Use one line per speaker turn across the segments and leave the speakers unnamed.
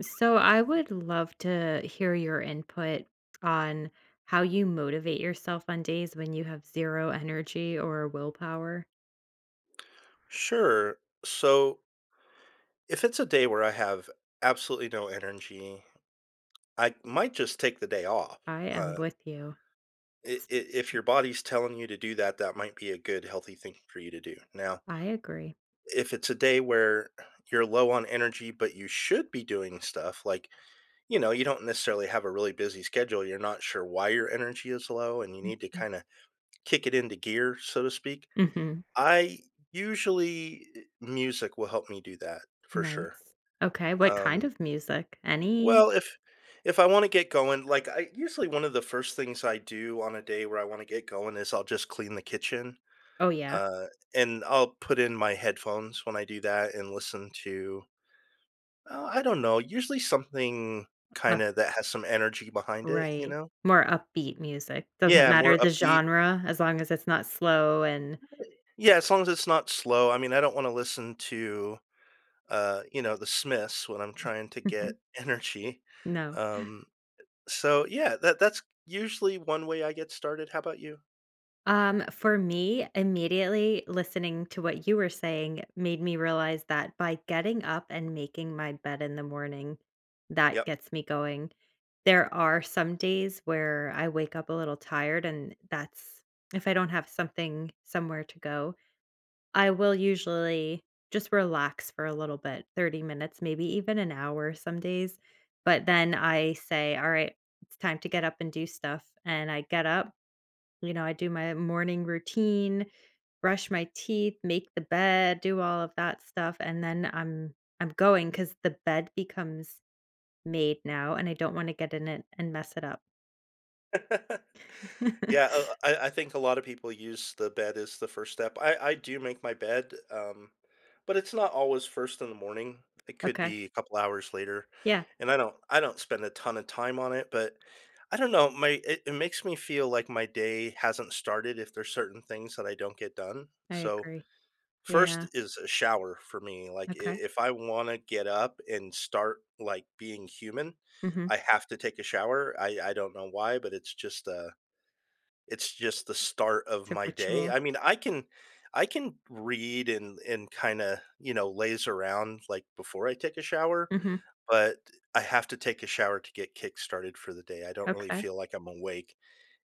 So, I would love to hear your input on how you motivate yourself on days when you have 0 energy or willpower.
Sure. So if it's a day where I have absolutely no energy, I might just take the day off,
I am
uh
with you.
i i if your body's telling you to do that, that might be a good, healthy thing for you to do. Now
I agree.
if it's a day where you're low on energy, but you should be doing stuff, like, you know, you don't necessarily have a really busy schedule, you're not sure why your energy is low and you need to
Mhm.
kinda kick it into gear, so to speak,
Mhm.
I usually, music will help me do that for sure.
Nice. Okay, what kind
Um
of music? Any?
Well, if if I wanna get going, like, I usually, one of the first things I do on a day where I wanna get going is I'll just clean the kitchen,
Oh, yeah.
uh, and I'll put in my headphones when I do that and listen to uh, I don't know, usually, something
Uh
kinda that has some energy behind it, you
Right.
know?
More upbeat music, doesn't
Yeah,
matter
more
the
upbeat.
genre as long as it's not slow and
Yeah, as long as it's not slow, I mean, I don't wanna listen to, uh, you know, the Smiths when I'm trying to get energy.
No.
Um, so, yeah, that that's usually 1 way I get started, how 'bout you?
Um, for me, immediately listening to what you were saying made me realize that by getting up and making my bed in the morning, that
Yep.
gets me going. There are some days where I wake up a little tired, and that's if I don't have something somewhere to go. I will usually just relax for a little bit, 30 minutes, maybe even an hour some days. But then I say, "Alright, it's time to get up and do stuff." and I get up, you know, I do my morning routine, brush my teeth, make the bed, do all of that stuff, and then I'm I'm going 'cause the bed becomes made now, and I don't wanna get in it and mess it up.
Yeah, uh, I I think a lot of people use the bed as the first step. I I do make my bed, um, but it's not always 1st in the morning. It could
Okay.
be a couple hours later,
Yeah.
and I don't I don't spend a ton of time on it, but I don't know. My it it makes me feel like my day hasn't started if there's certain things that I don't get done.
I
So,
agree.
1st
Yeah.
is a shower for me, like, i
Okay.
if I wanna get up and start, like, being human,
Mhm.
I have to take a shower. I I don't know why, but it's just, uh, it's just the start of
It's a
my day.
ritual.
I mean, I can I can read and and kinda, you know, laze around, like, before I take a shower,
Mhm.
but I have to take a shower to get kick started for the day, I don't really
Okay.
feel like I'm awake.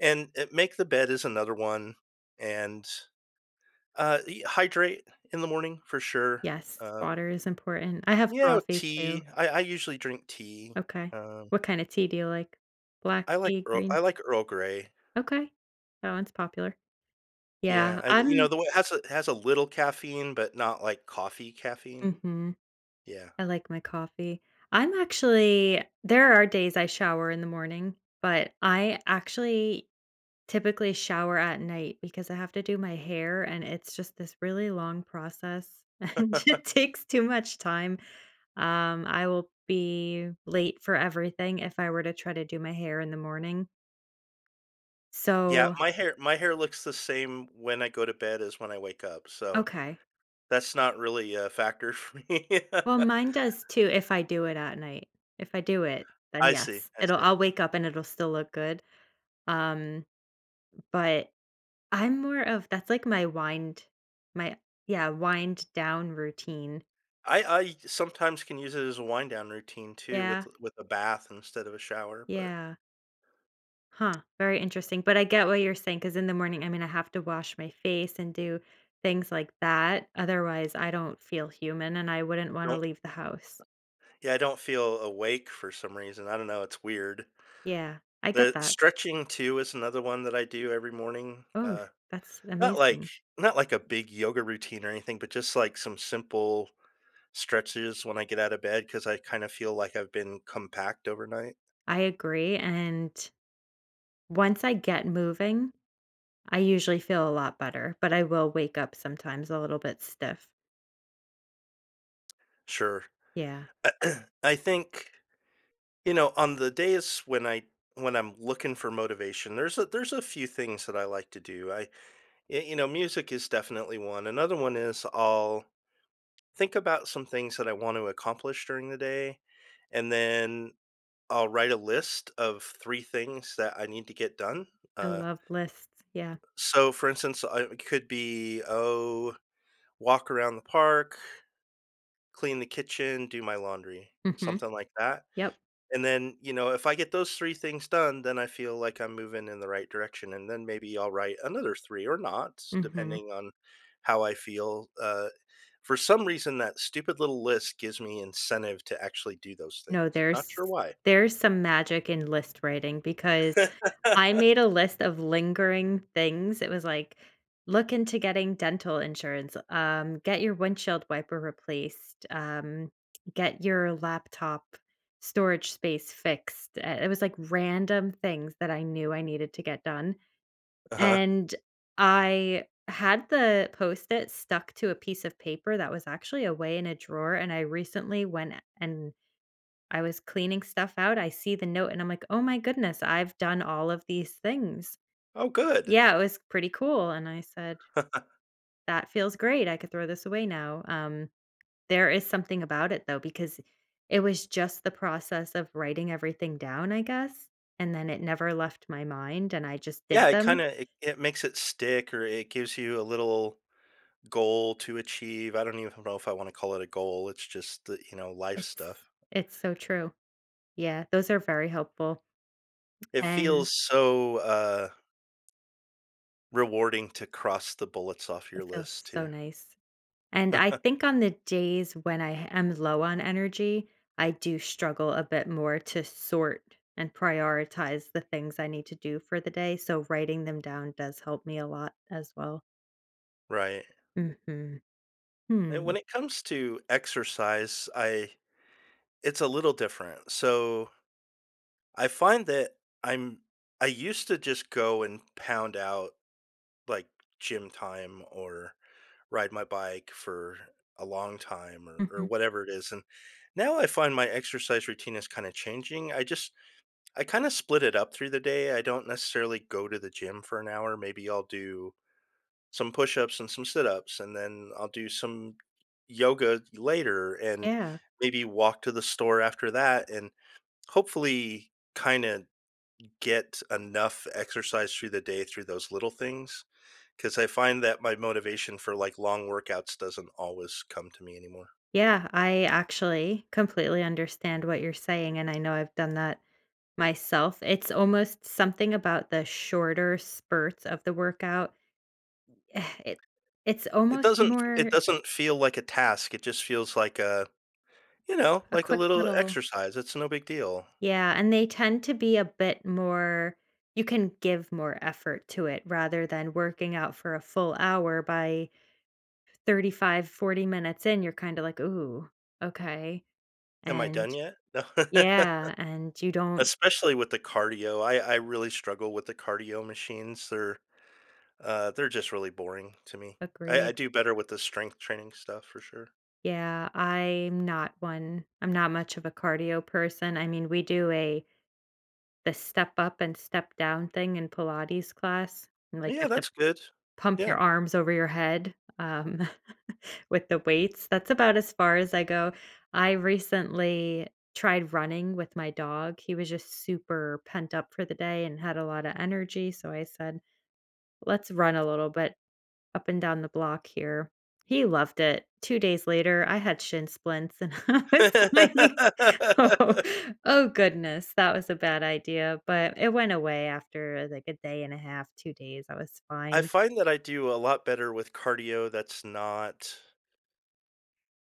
And, eh, make the bed is another one, and, uh, e hydrate in the morning for sure,
Yes,
uh
water is important. I have
You know,
coffee, too.
tea. I I usually drink tea,
Okay.
um
What kinda tea do you like? Black
I like
tea,
Earl
green
I like Earl Grey.
okay, that one's popular. Yeah,
Yeah. I you know,
I'm
the one it has a it has a little caffeine, but not, like, coffee caffeine.
Mhm.
Yeah.
I like my coffee. I'm actually there are days I shower in the morning, but I actually typically shower at night because I have to do my hair, and it's just this really long process, and it takes too much time, um, I will be late for everything if I were to try to do my hair in the morning.
Yeah,
So
my hair my hair looks the same when I go to bed as when I wake up, so,
Okay.
that's not really a factor for me.
Well, mine does too if I do it at night. If I do it, then
I see,
yes.
I
It'll
see.
I'll wake up and it'll still look good, um, but I'm more of that's like my wind my yeah, wind-down routine.
I I sometimes can use it as a wind-down routine too
Yeah.
with a with a bath instead of a shower, but
Yeah. Huh, very interesting, but I get what you're saying 'cause in the morning I mean, I have to wash my face and do things like that. Otherwise, I don't feel human, and I wouldn't wanna
Don't
leave the house.
Yeah, I don't feel awake for some reason, I don't know it's weird.
Yeah, I
Uh,
get that.
stretching too is another one that I do every morning.
Oh,
Uh,
that's
not like
amazing.
not like a big yoga routine or anything, but just, like, some simple stretches when I get out of bed 'cause I kinda feel like I've been compact overnight.
I agree, and once I get moving, I usually feel a lot better, but I will wake up sometimes a little bit stiff.
Sure.
Yeah.
I think you know, on the days when I when I'm looking for motivation, there's a there's a few things that I like to do. I, y you know, music is definitely one. Another one is I'll think about some things that I wanna accomplish during the day, and then I'll write a list of 3 things that I need to get done.
I
Uh
love lists. Yeah.
so, for instance, I it could be, oh, walk around the park, clean the kitchen, do my laundry,
Mhm.
something like that,
Yep.
and then, you know, if I get those 3 things done, then I feel like I'm moving in the right direction, and then maybe I'll write another 3 or not,
Mhm.
depending on how I feel. Uh, for some reason, that stupid little list gives me incentive to actually do those
No.
things. Not
There's
sure why.
there's some magic in list writing because I made a list of lingering things it was, like, "Look into getting dental insurance, um, get your windshield wiper replaced. Um, get your laptop storage space fixed," uh, it was, like, random things that I knew I needed to get done,
Uh-huh.
and I had the Post-it stuck to a piece of paper that was actually away in a drawer, and I recently went a and I was cleaning stuff out. I see the note, and I'm, like, "Oh my goodness. I've done all of these things."
Oh, good.
Yeah. It was pretty cool, and I said, "That feels great. I could throw this away now." Um, there is something about it, though, because it was just the process of writing everything down, I guess, and then it never left my mind, and I just did
Yeah, it
them
kinda it it makes it stick, or it gives you a little goal to achieve. I don't even know if I wanna call it a goal, it's just the, you know, life stuff.
It's it's so true. Yeah. Those are very helpful,
It
and
feels so, uh rewarding to cross the bullets off
It
your
feels
list
so
too.
nice. And I think on the days when I h am low on energy, I do struggle a bit more to sort and prioritize the things I need to do for the day. So, writing them down does help me a lot as well.
Right.
Mhm.
And
Hmm.
when it comes to exercise, I It's a little different, so I find that I'm I used to just go and pound out, like, gym time or ride my bike for a long time or or
Mhm.
whatever it is, and, now I find my exercise routine is kinda changing, I just I kinda split it up through the day, I don't necessarily go to the gym for an hour, maybe I'll do some push-ups and some sit-ups, and then, I'll do some yoga later and
Yeah.
maybe walk to the store after that and, hopefully kinda get enough exercise through the day through those little things, 'cause I find that my motivation for, like, long workouts doesn't always come to me anymore.
Yeah, I actually completely understand what you're saying, and I know I've done that myself. It's almost something about the shorter spurts of the workout. It it's
It
almost
doesn't it
more
doesn't feel like a task, it just feels like a you know,
A
like a
quick
little
little
exercise, it's no big deal.
Yeah, and they tend to be a bit more you can give more effort to it rather than working out for a full hour, by 35, 40 minutes in, you're kinda like, "Ooh, okay."
"Am I
And
done yet?" "No."
Yeah, and you don't
Especially with the cardio. I I really struggle with the cardio machines, they're uh, they're just really boring to me. I I
Agreed.
do better with the strength training stuff, for sure.
Yeah, I'm not one I'm not much of a cardio person, I mean, we do a the step-up-and-step-down thing in Pilates class, and, like, you
Yeah,
have to
that's good.
pump your
Yeah.
arms over your head, um, with the weights, that's about as far as I go. I recently tried running with my dog, he was just super pent-up for the day and had a lotta energy, so I said, "Let's run a little bit up and down the block here." He loved it, 2 days later, I had shin splints, and I was like, "Oh oh goodness, that was a bad idea," but it went away after, like, a day and a half, 2 days, I was
I
fine.
find that I do a lot better with cardio that's not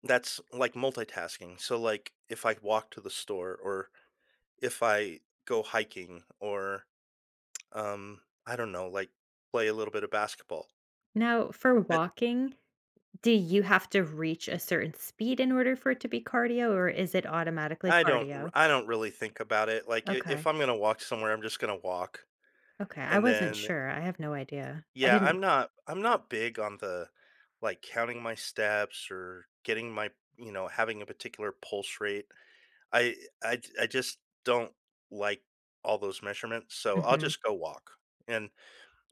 that's, like, multitasking, so, like, if I walk to the store or if I go hiking or, um, I don't know, like, play a little bit of basketball.
No, for
But
walking, do you have to reach a certain speed in order for it to be cardio, or is it automatically
I don't r
cardio?
I don't really think about it, like, i if
Okay.
I'm gonna walk somewhere, I'm just gonna walk,
Okay, I
and
wasn't
then, eh
sure, I have no idea. I
yeah,
didn't
I'm not I'm not big on the, like, counting my steps or getting my you know, having a particular pulse rate, I I j I just don't like all those measurements, so I'll
Mhm.
just go walk, and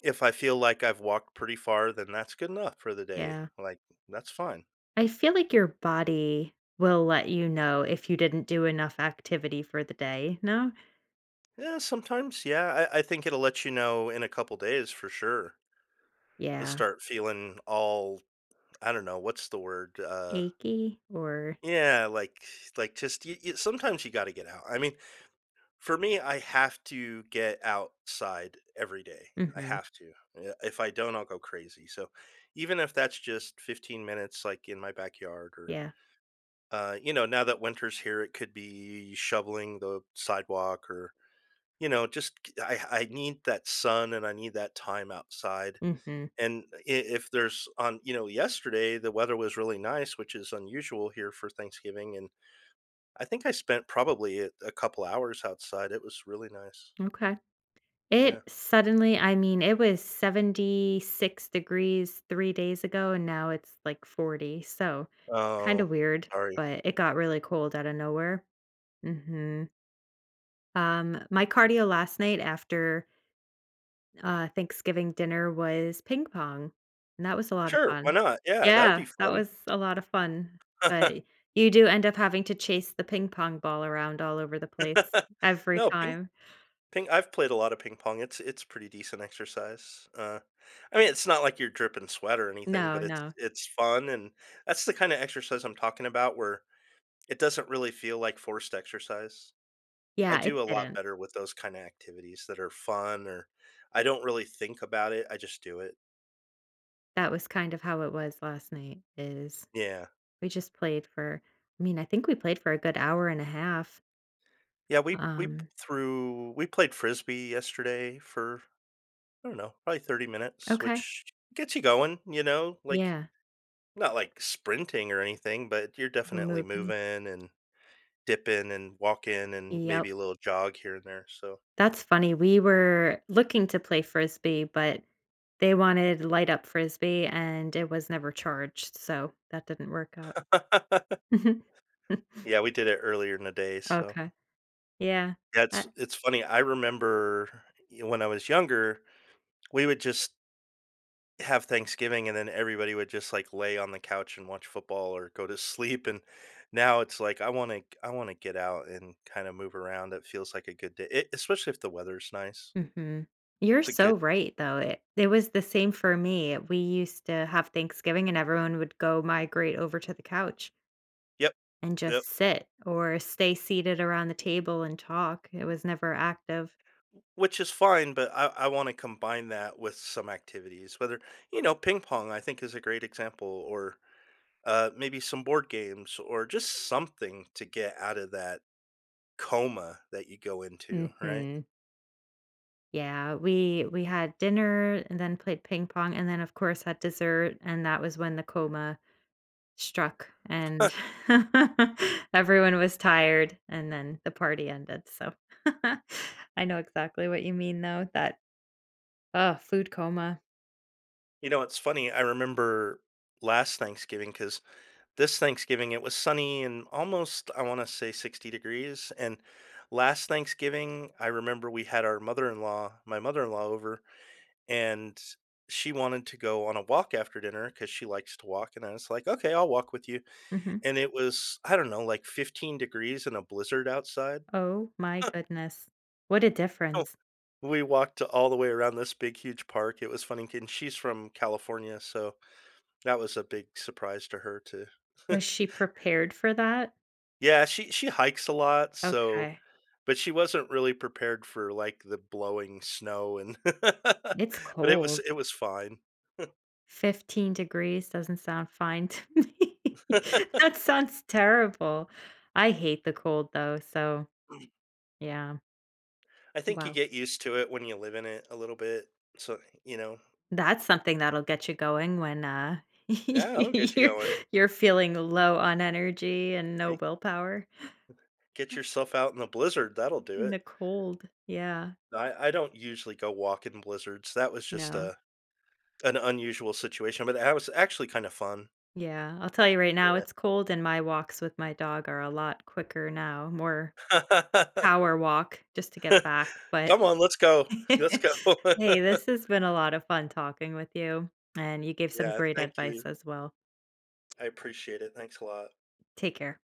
if I feel like I've walked pretty far, then that's good enough for the day,
Yeah.
like, that's fine.
I feel like your body will let you know if you didn't do enough activity for the day, no?
Eh, sometimes, yeah, I I think it'll let you know in a couple days for sure. You'll
Yeah.
start feeling all I don't know. What's the word, uh
Achy or
Yeah, like like, just y you sometimes you gotta get out. I mean for me, I have to get outside every day, I
Mhm.
have to, eh, if I don't, I'll go crazy so, even if that's just 15 minutes, like, in my backyard or
Yeah.
uh, you know, now that winter's here, it could be shoveling the sidewalk or, you know, just c I I need that sun, and I need that time outside.
Mhm.
And i if there's on you know, yesterday, the weather was really nice, which is unusual here for Thanksgiving, and I think I spent probably a a couple hours outside it was really nice.
Okay. It
Yeah.
suddenly I mean, it was 76 degrees 3 days ago, and now it's, like, 40. So, kinda
Oh,
weird,
sorry.
but it got really cold outta nowhere. Mhm. Um, my cardio last night after uh, Thanksgiving dinner was ping pong, and that was a lot of
Sure, why
fun.
not, yeah that would be
Yeah, that
fun.
was a lot of fun, but you do end up having to chase the ping pong ball around all over the place every
No, ping
time.
ping I've played a lot of ping pong, it's it's pretty decent exercise, uh, I mean, it's not like you're dripping sweat or anything,
No,
but it's
no.
it's fun, and that's the kinda exercise I'm talking about where it doesn't really feel like forced exercise. I
Yeah, it
do a lot
didn't.
better with those kinda activities that are fun, or I don't really think about it, I just do it.
That was kind of how it was last night is
Yeah.
we just played for I mean, I think we played for a good hour and a half.
Yeah, we we p
Um.
threw we played Frisbee yesterday for, I don't know, probably 30 minutes,
Okay.
which gets you going, you know, like
Yeah.
not like sprinting or anything, but you're
You're
definitely
moving.
moving and dipping and walking and
Yep.
maybe a little jog here and there, so
That's funny, we were looking to play Frisbee, but they wanted light up Frisbee, and it was never charged, so that didn't work out.
Yeah, we did it earlier in the day, so.
Okay, yeah, uh
That's it's funny, I remember e y when I was younger, we would just have Thanksgiving, and then everybody would just, like, lay on the couch and watch football or go to sleep, and now it's, like, I wanna g I wanna get out and kinda move around, that feels like a good day, e especially if the weather is nice.
Mhm, you're
It's a good
so right though, it it was the same for me, we used to have Thanksgiving, and everyone would go migrate over to the couch
Yep,
and
yup.
just sit or stay seated around the table and talk, it was never active.
W which is fine, but I I wanna combine that with some activities, whether you know, ping pong, I think, is a great example or, uh, maybe some board games or just something to get out of that coma that you go into, right?
Mhm. Yeah, we we had dinner and then played ping pong and then, of course, had dessert, and that was when the coma struck, and everyone was tired, and then the party ended, so, I know exactly what you mean, though, that, uh, food coma.
You know, it's funny, I remember last Thanksgiving, 'cause this Thanksgiving, it was sunny and almost, I wanna say, 60 degrees, and last Thanksgiving, I remember we had our mother-in-law my mother-in-law over, and she wanted to go on a walk after dinner, 'cause she likes to walk, and I was, like, "Okay, I'll walk with you,"
Mhm.
and it was, I don't know, like, 15 degrees in a blizzard outside.
Oh my goodness. What a
Oh,
difference.
we walked all the way around this big huge park, it was funny kin she's from California, so, that was a big surprise to her too.
Was she prepared for that?
Yeah, she she hikes a lot, so
Okay.
but she wasn't really prepared for, like, the blowing snow and but
It's
it was
cold.
it was fine.
15 degrees doesn't sound fine to me. That sounds terrible. I hate the cold, though, so, yeah.
I think you
Wow.
get used to it, when you live in it, a little bit. So, eh, you know?
That's something that'll get you going when, uh,
Yeah, it'll get you
you're
going.
you're feeling low on energy and no
Ey
willpower.
Get yourself out in a blizzard, that'll do
In the
it.
cold, yeah.
I I don't usually go walk in blizzards, that was just
No.
a an unusual situation, but that was actually kinda fun.
Yeah, I'll tell you right now,
Yeah.
it's cold, and my walks with my dog are a lot quicker now, more power walk, just to get back, but,
Come on, let's go, let's go.
hey, this has been a lotta fun talking with you, and you gave some
Yeah,
great
thank you.
advice as well.
I appreciate it, thanks a lot.
Take care.